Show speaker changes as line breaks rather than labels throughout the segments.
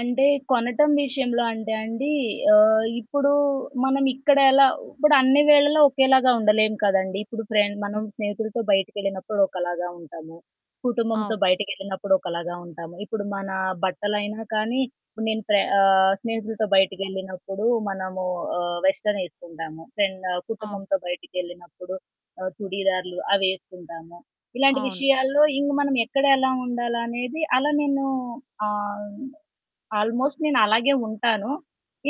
అంటే కొనటం విషయంలో అంటే అండి, ఆహ్, ఇప్పుడు మనం ఇక్కడ ఎలా ఇప్పుడు అన్ని వేళల్లో ఒకేలాగా ఉండలేం కదండీ! ఇప్పుడు ఫ్రె
హ్మ్.
మనం స్నేహితులతో బయటకెళ్ళినప్పుడు ఒకలాగా ఉంటాము, కుటుంబంతో
అవును.
బయటకెళ్ళినప్పుడు ఒకలాగా ఉంటాము, ఇప్పుడు మన బట్టలైనా కానీ నేను ఫ్ర ఆహ్, స్నేహితులతో బయటికెళ్ళినప్పుడు మనము వెస్టర్న్ ఏసుకుంటాము, ఫ్రెండు
అవును.
కుటుంబంతో బయటికెళ్ళినప్పుడు ఆహ్, చుడిదార్లు అవేసుకుంటాము. ఇలాంటి
అవును.
విషయాల్లో ఇంక మనం ఎక్కడ ఎలా ఉండాలనేది అలా నేను ఆహ్, ఆల్మోస్ట్ నేను అలాగే ఉంటాను.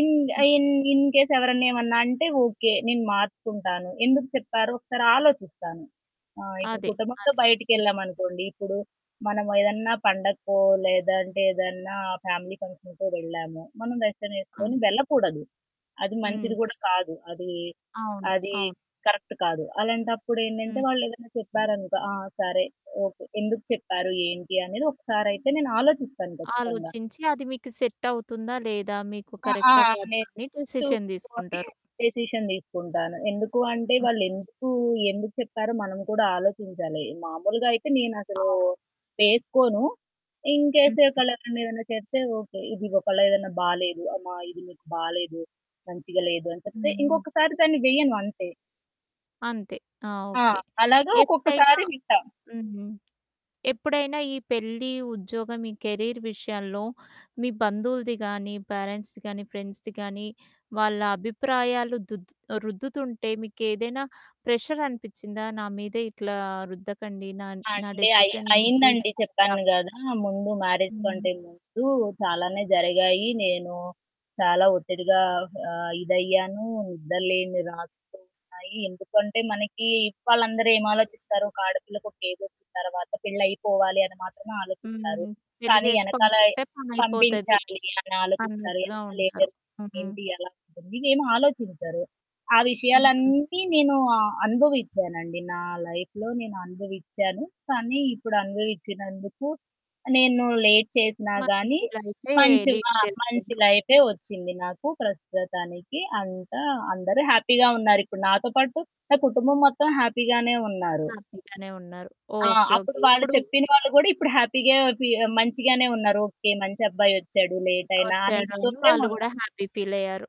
ఇన్
హ్మ్.
ఇన్ ఇన్‌కేస్ ఎవరన్నా ఏమన్నా అంటే ఓకే. నేను మార్చుకుంటాను. ఎందుకు చెప్పారో ఒకసారాలోచిస్తాను. ఆహ్, ఇప్పుడు
అదే. అదే.
కుటుంబంతో
హ్మ్.
బయటకెళ్ళామనుకోండి ఇప్పుడు మనం
హ్మ్.
ఏదన్నా పండగకో లేదంటే ఏదన్నా ఫ్యామిలీ ఫంక్షన్‌కో వెళ్ళాము, మనం వెస్టర్న్
అవును.
వేసుకొని వెళ్ళకూడదు. అది
హ్మ్.
మంచిది కూడా కాదు. అది,
అవును.
అది
అవును.
కరెక్ట్ కాదు. అలాంటప్పుడు ఏంటంటే
హ్మ్.
వాళ్ళేదైనా చెప్పారనుకో, ఆ! సరే, ఓకే. ఎందుకు చెప్పారు ఏంటి అనేది ఒకసారయితే నేను ఆలోచిస్తాను ఖచ్చితంగా.
ఆలోచించి అది మీకు సెట్ అవుతుందా లేదా మీకు
అ! ఆ!
కరెక్టా కాదా అని డెసిషన్
నేర్చుకొని
తీసుకుంటారు.
డెసిషన్ తీసుకుంటాను. ఎందుకు అంటే
హ్మ్.
వాళ్ళు ఎందుకు ఎందుకు చెప్పారో మనం కూడా ఆలోచించాలి. మామూలుగా అయితే నేనసలు
అవును.
వేసుకోను. ఇన్‌కేస్
హుహు.
ఒకళ్లెవరైన ఏదైనా చెప్తే ఓకే. ఇది ఒకళ్ళు ఏదన్నా బాలేదు. అమ్మా ఇది మీకు బాలేదు, మంచిగా లేదు. అని చెప్తే
హ్మ్. హ్మ్.
ఇంకొకసారి దాన్ని వెయ్యను అంతే.
అంతే. ఆ!
ఆ!
ఓకే.
అలాగే
ఎప్పుడైనా
ఒక్కొక్కసారి వింటాం.
హ్మ్. ఎప్పుడైనా ఈ పెళ్లి, ఉద్యోగం ఈ కెరీర్ విషయంలో మీ బంధువులది కానీ, పేరెంట్స్‌ది కాని, ఫ్రెండ్స్‌ది కానీ వాళ్ళ అభిప్రాయాలు దు రుద్దుతుంటే మీకేదైనా ప్రెషర్ అనిపిచ్చిందా నా మీదే ఇట్లా రుద్దకండి. నా నా
అంటే అయి
డెసిషన్ నేను
అయిందండి.
తీసుకుంటా
చెప్పాను గదా! ముందు మ్యారేజ్
హ్మ్.
కంటే ముందు చాలానే జరిగాయి. నేను చాలా ఒత్తిడిగా ఆహ్, ఇదయ్యాను నిద్రలేని రాత్రులున్నాయి. ఎందుకంటే మనకి ఇవాళ అందరూ ఏమి ఆలోచిస్తారు, ఒక ఆడపిల్లకి ఒక ఏజొచ్చిన తరువాత పెళ్లయిపోవాలి అని మాత్రమే ఆలోచిస్తారు.
హ్మ్. పెళ్లి
కానీ
చేసి
ఎనకాల
పంపిస్తే పనయిపోతది
పంపించాలి అని ఆలోచిస్తారు.
అన్నట్టుగా
ఎనకాల ఏం
ఉంటారు.
జరుగుతుంది?
హ్మ్.
ఏంటి? ఎలా ఉంటుంది? ఇదేమి ఆలోచించరు. ఆ
హ్మ్.
విషయాలన్నీ నేను అనుభవించానండి నా లైఫ్‌లో నేననుభవించాను. కానీ ఇప్పుడు
ఆ!
అనుభవించినందుకు నేను లేట్ చేసినా గాని
మంచి లైఫే లీడ్
మంచిగా మంచి
చేస్తుండ్రు.
లైఫే వచ్చింది. నాకు ప్రస్తుతానికి అంతా అందరూ హ్యాపీగా ఉన్నారు. ఇప్పుడు నాతో పాటు నా కుటుంబం మొత్తం హ్యాపీగానే ఉన్నారు.
హ్యాపీ గానే ఉన్నారు.
ఆ!
ఓకే.
అప్పుడు
ఓకే.
వాళ్ళు
ఇప్పుడు?
చెప్పిన వాళ్ళు గూడా ఇప్పుడు హ్యాపీగా ఫీ మంచిగానే ఉన్నారు. ఓకే. మంచబ్బాయి వచ్చాడు లేటయినా. అని ఇది
వచ్చాడని
తోటే
వాళ్ళు
ఉన్నారు.
గూడా హ్యాపీ ఫీలయ్యారు.